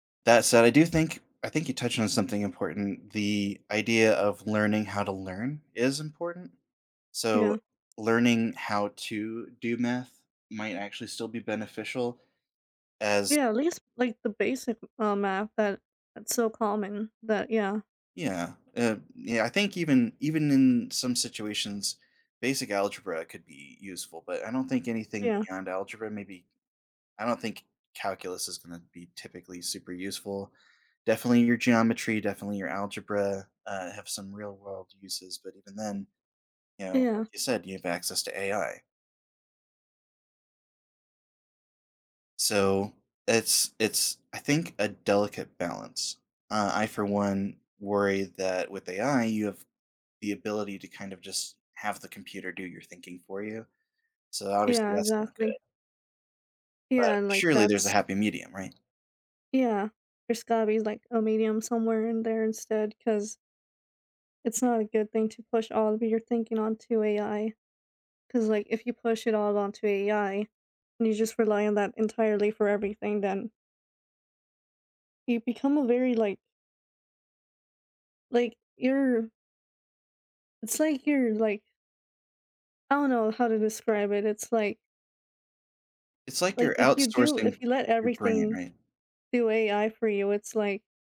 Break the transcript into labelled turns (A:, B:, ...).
A: That said, I do think I think you touched on something important. The idea of learning how to learn is important, so
B: Yeah.
A: learning how to do math might actually still be beneficial, as
B: Yeah, at least like the basic, uh, math that is so common that yeah.
A: Yeah, uh, yeah, I think even even in some situations, basic algebra could be useful, but I don't think anything
B: Yeah.
A: beyond algebra, maybe I don't think calculus is gonna be typically super useful. Definitely your geometry, definitely your algebra, uh, have some real world uses, but even then, you know,
B: Yeah.
A: like you said, you have access to AI. So, it's it's I think, a delicate balance. Uh, I for one worry that with AI you have the ability to kind of just have the computer do your thinking for you, so obviously
B: Yeah,
A: that's not good.
B: exactly. Yeah,
A: But
B: and like
A: surely there's a
B: that's
A: happy medium, right?
B: Yeah, there's gotta be like a medium somewhere in there instead 'cause it's not a good thing to push all of your thinking onto AI 'cause like if you push it all onto AI and you just rely on that entirely for everything then you become a very like like, you're It's like you're like I don't know how to describe it, it's like
A: It's like
B: like
A: you're
B: if you do
A: outsourcing
B: if you let
A: your brain,
B: everything
A: right?
B: do AI for you, it's like